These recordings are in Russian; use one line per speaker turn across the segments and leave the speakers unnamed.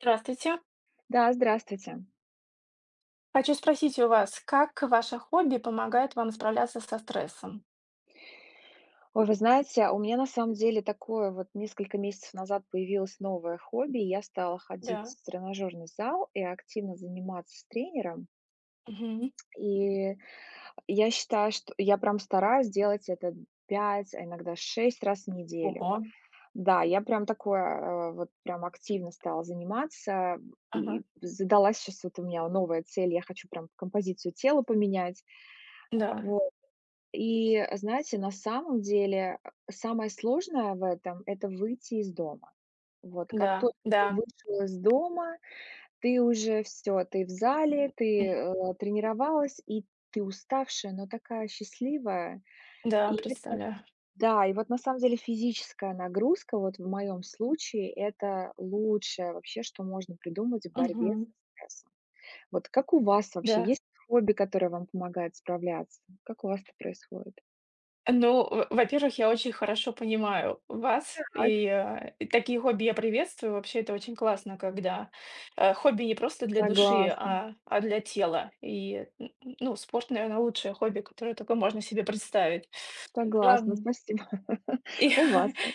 Здравствуйте.
Да, здравствуйте.
Хочу спросить у вас, как ваше хобби помогает вам справляться со стрессом?
Ой, вы знаете, у меня на самом деле такое вот несколько месяцев назад появилось новое хобби: я стала ходить
Да.
в тренажерный зал и активно заниматься с тренером.
Мгм.
И я считаю, что я прям стараюсь делать это д 5, а иногда 6 раз в неделю.
Ого.
Да, я прям такое, а вот прям активно стала заниматься, м,
Ага.
и задалась щас вот у меня новая цель, я хочу прям композицию тела поменять. Э,
Да.
вот, и знаете, на самом деле, а, самое сложное в этом- это выйти из дома. Вот, как
Да
только ты
да.
вышел из дома, ты уже всё, ты в зале, ты,
Мгм.
э, тренировалась, и ты уставшая, но такая счастливая.
Да,
И это
представляю.
да, и вот на самом деле физическая нагрузка, вот в моём случае,- это лучшее вообще, что можно придумать в борьбе
Мгм.
со стрессом. Вот как у вас вообще,
Да.
есть хобби, которое вам помогает справляться? Как у вас это происходит?
Ну, во во-первых, я очень хорошо понимаю вас, и,
Так.
э, такие хобби я приветствую. Вообще, это очень классно, когда, э, хобби не просто для души,
Согласна.
а а для тела. И н н ну, спорт, наверное, лучшее хобби, которое только можно себе представить.
Согласна,
Ладно.
спасибо,
И
у
я
вас как?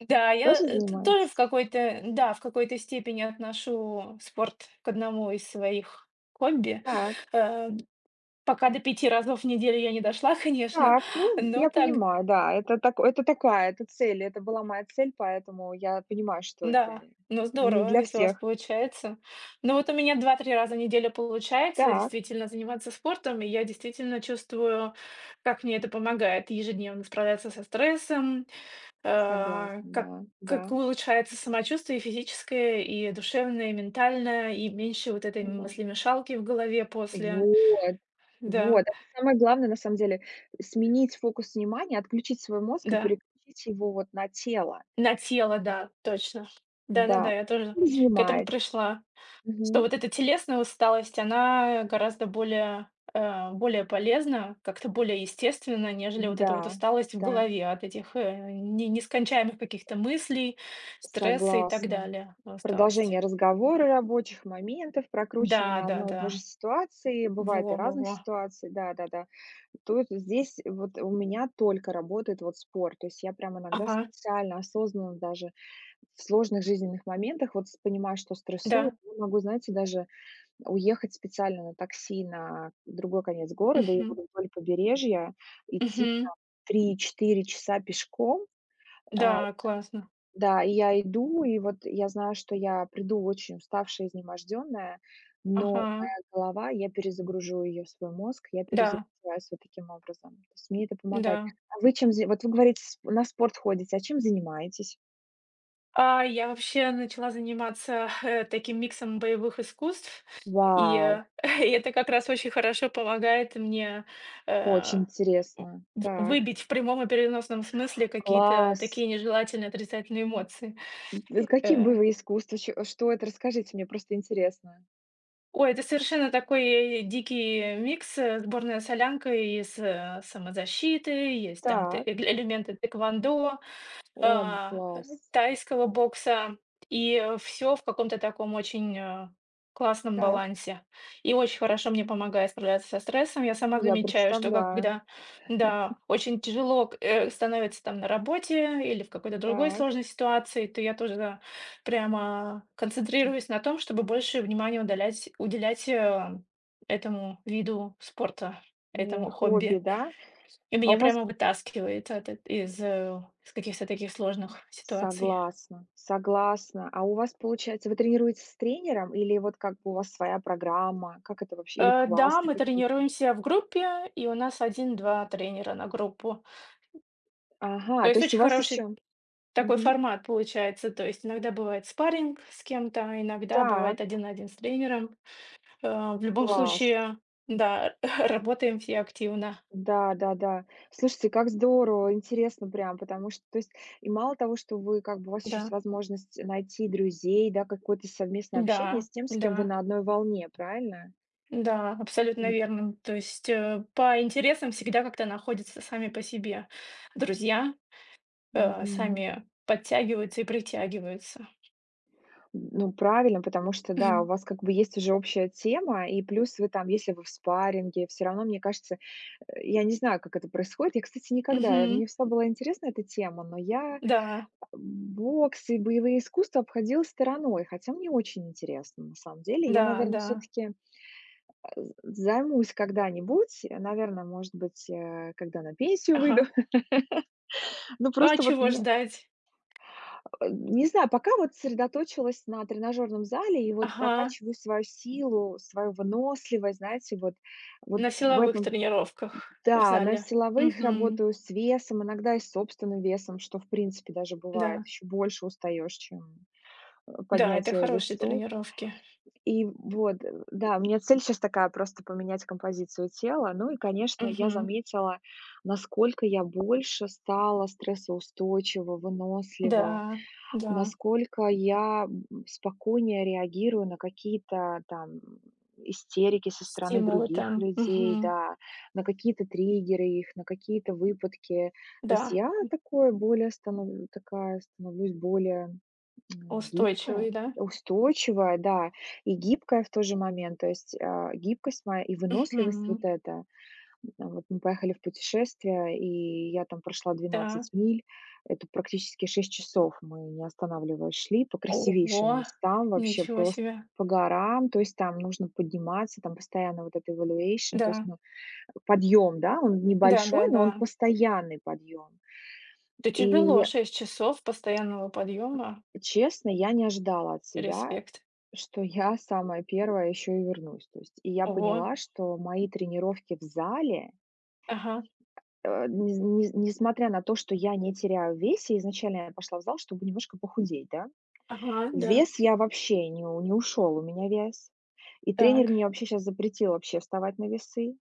да я
Тоже
т
занимаетесь?
тоже в какой-то да, в какой-то степени отношу спорт к одному из своих хобби.
Так.
Э, пока до 5 разов в неделю я не дошла, конечно,
Так, ну,
но
я
так
понимаю. Да, это так это такая, это цель, это была моя цель. Поэтому я понимаю, что это
Да, ну,
не
здорово,
для
если у вас
всех.
получается. Ну вот у меня 2-3 раза в неделю получается
Так.
действительно заниматься спортом. И я действительно чувствую, как мне это помогает ежедневно справляться со стрессом, э,
Согласна,
как
да
как
да.
улучшается самочувствие и физическое, и душевное, и ментальное, и меньше вот этой
Согласна.
мыслимешалки в голове после
Вот вот,
Да.
это самое главное на самом деле. Сменить фокус внимания, отключить свой мозг и
Да.
переключить его вот на тело.
На тело, да, точно.
Да,
Да-да-да. Я
а
тоже
чем вы
к этому
занимаетесь?
пришла. Что
Мгм.
вот эта телесная усталость, она, э, гораздо более, э, а, более полезна, как-то более естественна, нежели вот эта вот
Да,
усталость в
да.
голове от этих, э, не нескончаемых каких-то мыслей, стресса и так
Согласна.
далее от усталости.
Продолжение разговора, рабочих моментов,
Да
прокручивание
да
одной и
да,
той же ситуации, бывает и
во во
разных
во.
ситуаций, да да-да. Тут, здесь вот у меня только работает вот спорт. То есть я прям иногда
Ага.
специально осознанно даже в сложных жизненных моментах вот с понимаю, что стрессую,
Да.
и могу, знаете, даже уехать специально на такси на другой конец города или
Мгм.
вот вдоль побережья, идти
Мгм.
там 3-4 часа пешком. А,
Да, классно!
да, и я иду, и вот я знаю, что я приду очень уставшая, изнемождённая, но
Ага.
моя голова, я перезагружу её в свой мозг, я
Да.
перезагружаюсь вот таким образом, то есть мне это помогать.
Да.
А вы чем за Вот вы говорите с на спорт ходите, а чем занимаетесь?
А, я вообще начала заниматься, э, таким миксом боевых искусств. И, и
Вау!
это как раз очень хорошо помогает мне,
Очень
э,
интересно!
в
Так.
выбить в прямом и переносном смысле какие-то
Класс!
такие нежелательные отрицательные эмоции.
М, это
И,
какие
э
боевые искусства? Чё что это, расскажите, мне просто интересно.
Ой, это совершенно такой й дикий микс, э, сборная солянка из, э, самозащиты. Есть там, т
Так.
э элементы тхэквондо,
О, м,
а, ай
класс!
тайского бокса, и всё в каком-то таком очень, э, классном
Так.
балансе, и очень
Т
хорошо мне помогает справляться со стрессом. Я сама
Я
замечаю, что, как бы,
представляю.
да, да, очень тяжело к э, становится там на работе или в какой-то другой
Так.
сложной ситуации. То я тоже, да, прямо
Ти
концентрируюсь на том, чтобы больше внимания удалять уделять, э, этому виду спорта,
О
этому
хобби,
хобби.
да?
И
А
меня
у вас
прямо вытаскивает от это из, э, с каких-то таких сложных ситуаций.
Согласна, согласна, а у вас получается, вы тренируетесь с тренером или вот, как бы, у вас своя программа, как это вообще, или
Э, да,
классы
мы
какие-то?
тренируемся в группе, и у нас 1-2 тренера на группу. То
Ага, то
есть
есть у
очень
вас
хороший
ещё.
такой
Мгм.
формат получается. То есть иногда бывает спарринг с кем-то, иногда бывает
Так.
один на один с тренером. Э, в любом
Класс.
случае да, работаем все активно.
Да да да, слушайте, как здорово, интересно прям. Потому что то есть и мало того, что вы как бы, у вас ещё есть
Да.
возможность найти друзей, да, какое-то совместное общение
Да,
с тем, с кем вы
да.
на одной волне, правильно?
Да, абсолютно
М.
верным, то есть, э, по интересам всегда как-то находятся сами по себе друзья, э,
Мгм.
сами подтягиваются и притягиваются.
Ну правильно. Потому что да, у вас как бы есть уже общая тема, и плюс вы там, если вы в спарринге, всё равно, мне кажется, э, я не знаю, как это происходит. Я, кстати, никогда, э,
Мгм.
мне всегда была интересна эта тема, но я, э,
Да.
бокс и боевые искусства обходила стороной, хотя мне очень интересно. На самом деле, я,
Да
наверно,
да.
всё-таки, э, з займусь когда-нибудь, э, наверно, может быть, а, когда на пенсию выйду.
Ага.
Ну,
А
просто вот
чего
мне
ждать?
А, не знаю. Пока вот сосредоточилась на тренажёрном зале и вот
Ага.
прокачиваю свою силу, свою выносливость, знаете вот, вот
На
в
силовых
этом.
тренировках в
Н-да, на
зале,
силовых
мгм.
работаю с весом, иногда и с собственным весом, что, в принципе, даже бывает,
Да.
ещё больше устаешь, чем, э,
Да, это
поднятие
хорошие
весов.
тренировки.
И вот, да, у меня цель щас такая- просто поменять композицию тела. Ну, и конечно, я
Мгм.
заметила, насколько я больше стала стрессоустойчива, вынослива,
Да, да.
насколько я, б м, спокойнее реагирую на какие-то там, м, истерики со стороны
Стимулы
других
там,
людей,
мгм.
да, на какие-то триггеры их, на какие-то выпадки. То есть,
Да,
я
м.
такой более становлю такая становлюсь более гибкая,
Устойчивые, да?
устойчивая, да, и гибкая в тот же момент. То есть, а, гибкость моя и выносливость вот
Мгм.
эта. М, вот мы поехали в путешествие, и я там прошла
Да.
12 миль. Это практически 6 часов, мы, не останавливаясь, шли по красивейшим
Ого!
местам, вообще
Ничего
просто
себе!
по горам. То есть там нужно подниматься, там постоянно вот эта evaluation. То есть,
Да.
ну, подъем, да, он
Да да
небольшой, но он
да.
постоянный подъем.
Это
И
тяжело- 6 часов постоянного подъема.
м, честно, я не ожидала от себя,
Респект.
что я самая 1 ещё и вернусь, то есть. И я
Ого!
поняла, что мои тренировки в зале
Ага.
Э, ни с ни с несмотря на то, что я не теряю в весе, изначально я пошла в зал, чтобы немножко похудеть, да.
Ага, да.
Вес я вообще ни не ушёл, у меня вес. И тренер
Так.
мне вообще щас запретил вообще вставать на весы.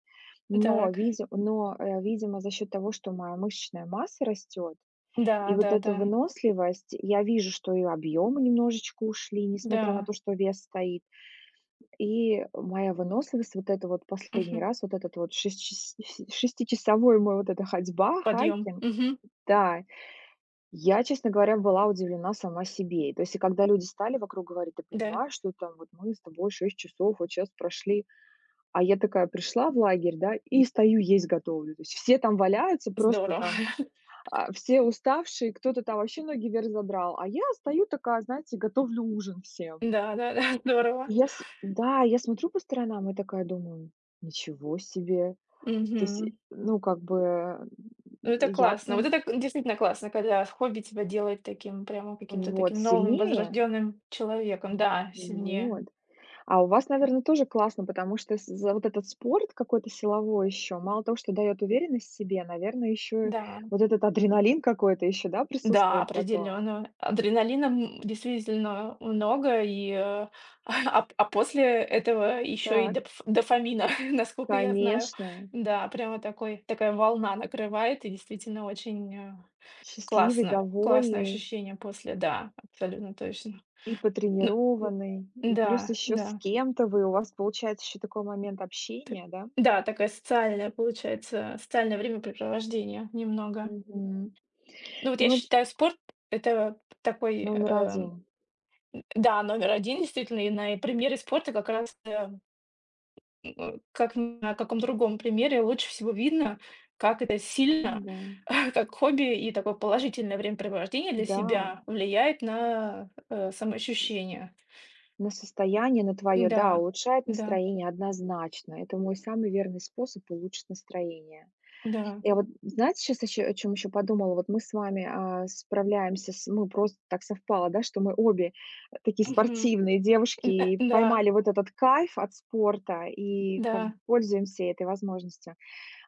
Но
Так.
видим но, э, видимо, за счёт того, что моя мышечная масса растёт и вот эта
Да-да-да.
выносливость. Я вижу, что и объемы немножечко ушли, несмотря на
Да.
то, что вес стоит, и моя выносливость. Вот эта вот последний
Мгм.
раз, вот этот вот шес шиси шестичасовой мой вот эта ходьба,
Подъём,
хайкинг,
мгм.
да. Я, честно говоря, была удивлена сама себе. И, то есть, и когда люди стали вокруг говорить: "Ты
Да.
понимаешь, что там вот мы с тобой 6 часов вот щас прошли?" А я такая пришла в лагерь, да, и стою, есть готовлю. То есть, все там валяются просто
Здорово!
там, а, все уставшие, кто-то там вообще ноги вверх задрал, а я стою такая, знаете, готовлю ужин всем.
Да-да-да, здорово!
Я с да я смотрю по сторонам и такая думаю: ничего себе! То есть,
Мгм.
и ну как бы н
Ну, это
я
классно, вот
прям
это к действительно классно, когда в хобби тебя делает таким прямо каким-то
Вот
таким новым
сильнее.
возрожденным человеком.
М,
Да, сильнее.
вот. А у вас наверно тоже классно. Потому что, с за вот этот спорт какой-то силовой ещё мало того, что даёт уверенность в себе, наверное, ещё
Да.
вот этот адреналин какой-то ещё да
Да,
присутствует потом?
определённо адреналина, м, действительно, э, много, и, э, а, ап ап а после этого ещё и
Так.
допф дофамина, наскока я знаю.
Конечно.
Да, прямо такой такая волна накрывает и действительно очень, а,
Счастливый,
классно, классное
довольный.
ощущение после, да, абсолютно точно.
И
Ну,
потренированный, и плюс
н-да,
ещё с
да.
кем-то вы, у вас получается ещё такой момент
Т
общения, да?
да, такая социальная получается, социальное времяпрепровождение немного.
Мгм,
Ну, вот я
ну это.
считаю, спорт- это такой,
Номер
э,
1.
да, номер 1, действительно. И на и примере спорта как раз да м, э, как на каком другом примере лучше всего видно, как это сильно,
Н-да.
как хобби и такое положительное времяпрепровождение для
Да.
себя влияет на, э, самоощущение.
На состояние на твоё, да,
Н-да,
улучшает
н-да.
настроение, однозначно. Это мой самый верный способ улучшить настроение.
Да.
Я вот знаете, щас ещё о чём ещё подумала. Вот мы с вами, а, справляемся, с ну просто так совпало, да, что мы обе, э, такие
Мгм,
спортивные девушки
н э
и
да.
поймали вот этот кайф от спорта и как бы
Да.
пользуемся этой возможностью.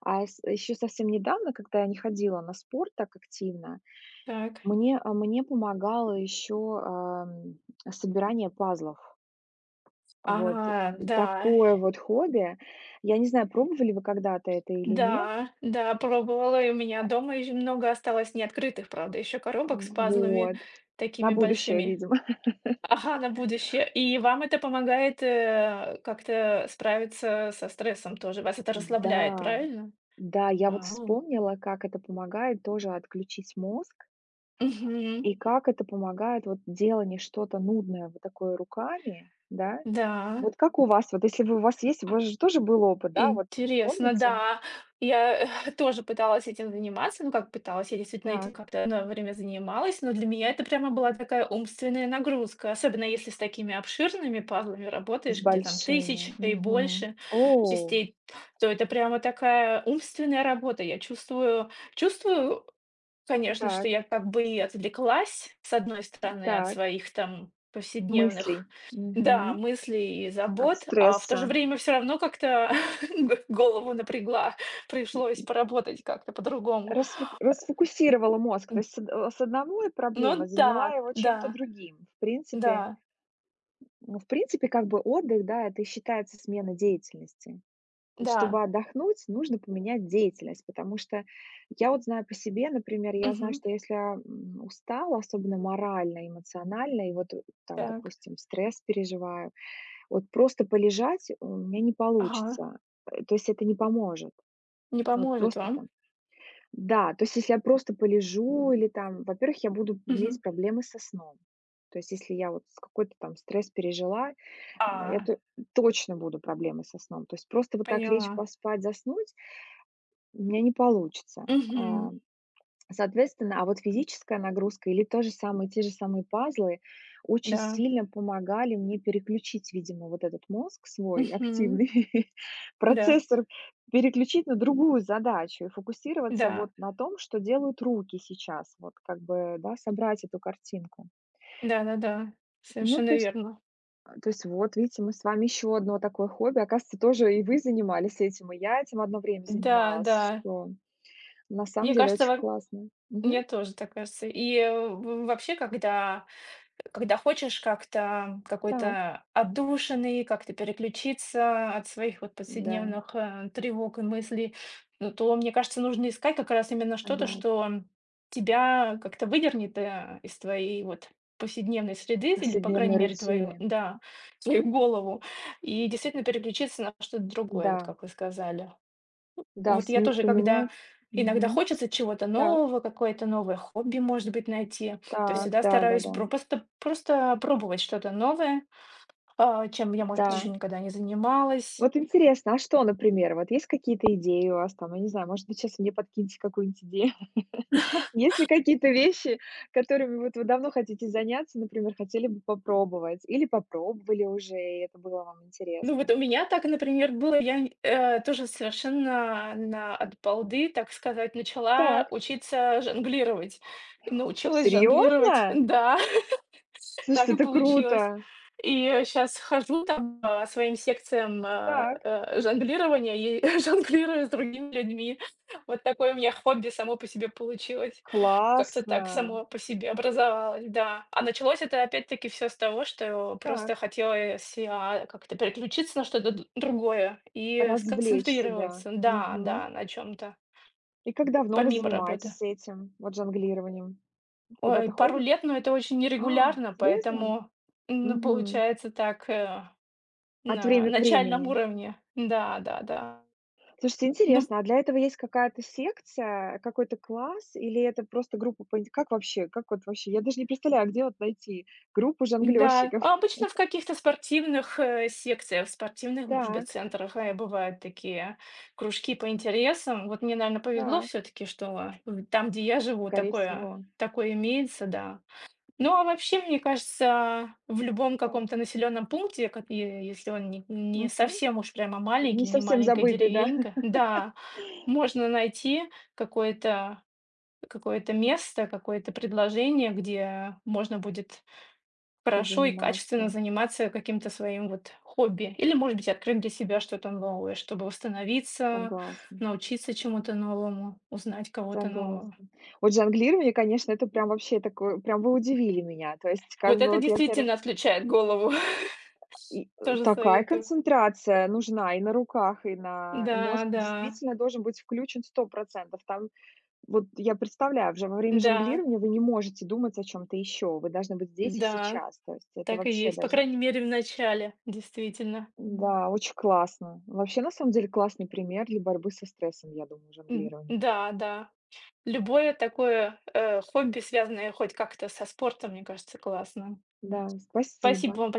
А йс ещё совсем недавно, когда я не ходила на спорт так активно,
Так.
мне, э, мне помогало ещё, ам, собирание пазлов. Вот
Ага, да.
такое вот хобби. Я не знаю, пробовали ли вы когда-то это или нет?
Да, да, пробовала, и у меня дома ещё много осталось неоткрытых, правда, ещё
Э,
коробок с пазлами
вот, на
такими
будущее,
большими.
видимо.
Ага, на будущее. И вам это помогает, э, как-то справиться со стрессом, тоже вас это расслабляет,
Да,
правильно?
да, я вот
А.
вспомнила, как это помогает тоже отключить мозг.
Мгм.
И как это помогает вот делание что-то нудное вот такое руками, да.
Да.
Вот как у вас? Вот если вы у вас есть, у вас же тоже был опыт, да, вот вы
Интересно,
помните?
да. Я тоже пыталась этим заниматься. Ну, как пыталась, я действительно этим
Так.
как-то одно время занималась. Но для меня это прямо была такая умственная нагрузка. Особенно если с такими обширными пазлами
С
работаешь, где там 1 000
большими,
и
мгм,
больше
о!
частей, то это прямо такая умственная работа. Я чувствую, чувствую, конечно, что
Так.
я как бы и отвлеклась, с одной
Н
стороны, от
так.
своих там
Мыслей,
повседневных, да,
мгм,
мыслей и
от
забот. А в то
стресса.
же время всё равно как-то г голову напрягла, пришлось поработать как-то по-другому.
Расфук расфокусировала мозг, то
Д.
есть с од э, с одной проблемой,
Ну
заняла
да,
его чем-то
да,
другим. В принципе
да.
ну в принципе, как бы отдых, да, это и считается смена деятельности. То есть
Да.
чтобы отдохнуть, нужно поменять деятельность. Потому что, я вот знаю по себе. Например, я знаю,
Мгм.
что если я, м, устала, особенно морально, эмоционально, и вот там
Так.
допустим стресс переживаю, вот просто полежать у меня не
Ага.
получится. Э, то есть, это не поможет,
Не
вот
поможет
просто
вам.
там да, то есть, если я просто полежу или там, во-первых, я буду
Мгм.
иметь проблемы со сном. То есть, если я вот с какой-то стресс пережила, н
А.
эту точно будут проблемы со сном. То есть, просто вот так лечь,
Поняла.
поспать, заснуть у меня не получится.
Мгм.
Ам, соответственно, а вот физическая нагрузка или тот же самый те же самые пазлы очень
Да.
сильно помогали мне переключить, видимо вот этот мозг свой
Мгм.
активный,
Да.
процессор переключить на другую задачу и фокусироваться
Да.
вот на том, что делают руки сейчас. Вот как бы да собрать эту картинку.
Да-да-да,
Ну
совершенно
то есть,
верно.
э, то есть вот видите, мы с вами ещё одно такое хобби, оказывается, тоже и вы занимались этим, и я этим одно время
Да
занималась.
да.
Что на самом
Мне
деле
кажется
очень
вам
классно, мгм.
мне тоже так кажется. И в в вообще, когда, э, когда хочешь как-то
Так.
какой-то отдушины и как-то переключиться от своих вот
Н-да.
повседневных, э, тревог и мыслей, ну, то, мне кажется, нужно искать как раз именно что-то,
Согласна.
что тебя как-то выдернет, э, из твоей вот повседневной среды д Или, по крайней
Повседневной
мере, твою,
рутины.
да, свою голову и действительно переключиться на что-то другое, вот
Да.
как вы сказали. В
Да,
вот я
сми
тоже, когда
поменять
иногда
мгм,
хочется чего-то
так.
нового, какое-то новое хобби, может быть, найти. То
Так,
всегда стараюсь
да-да-да.
пропосто просто пробовать что-то новое, а чем я, может быть,
Да.
ещё никогда не занималась.
Вот интересно. А что, например, вот есть какие-то идеи у вас? Там я не знаю, может быть, щас мне подкинете какую-нибудь идею. Есть ли какие-то вещи, которыми вот вы давно хотите заняться, например, хотели бы попробовать или попробовали уже, и это было вам
Ну, вот
интересно?
у меня так, например, было. Я нь э тоже совершенно на от балды, так сказать, начала
Так.
учиться жонглировать. И научилась жонглировать,
Серьезно?
да, так
Слушайте,
и
это
получилось.
круто!
И щас хожу там по своим секциям а,
Так.
а, жонглирования и жонглирую с другими людьми. Вот такое у меня хобби само по себе получилось. Как-то так
Классно!
само по себе образовалось, да. А началось это опять-таки всё с того, что просто
Так.
хотелось си а как-то переключиться на что-то д другое и
Развлечь себя,
сконцентрироваться да, да,
мгм.
на чём-то.
И как давно вы
Помимо работы.
занимаетесь этим вот жонглированием? Куда
Ой,
то
пару
ходит
лет, ну, это очень
А!
нерегулярно,
Серьезно?
поэтому н
Мгм.
получается так, а,
От
на
время к
начальном
времени.
уровне. Н-да, да-да.
Слушайте,
Ну, в
интересно. А для этого есть какая-то секция, какой-то класс или это просто группа по инт как вообще, как вот вообще? Я даже не представляю, где вот найти группу
Да,
жонглёрщиков?
обычно в каких-то спортивных, э, секциях, спортивных, может быть,
Так.
центрах, э, бывают такие кружки по интересам. Вот мне, наверно, повезло
Так.
всё-таки, что в там, где я живу,
Скорей
такое
всего.
такое имеется, да. Ну, а вообще, мне кажется, в любом
Так.
каком-то населенном пункте, как и е если он ни не
Мгм.
совсем уж прямо
Не
маленький, не
совсем
маленькая
забытый, да.
деревенька, да, можно найти какое-то какое-то место, какое-то предложение, где можно будет хорошо и качественно
Позаниматься.
заниматься каким-то своим вот хобби или, может быть, открыть для себя что-то новое, чтобы восстановиться,
Согласна.
научиться чему-то новому, узнать кого-то нового.
Согласна. Вот жонглирование, конечно, это прям вообще такое, прям вы удивили меня. То есть как
Вот
бы
это
вот я таре
действительно отключает голову,
И, э,
тоже
такая
советую.
концентрация нужна и на руках, и на
Да
мозг
да.
действительно должен быть включен 100 %. Там, вот я представляю, уже во время
Да.
жонглирования вы не можете думать о чём-то ещё, вы должны быть здесь и
Да,
сейчас. То есть это
так и
вообще
есть, по
даже
крайней мере, в начале, действительно.
Н-да, очень классно. Вообще, на самом деле, классный пример для борьбы со стрессом, я думаю жонглирование.
Н-да, да, любое такое, э, хобби, связанное хоть как-то со спортом, мне кажется, классно.
Да,
Спасибо
спасибо.
вам боль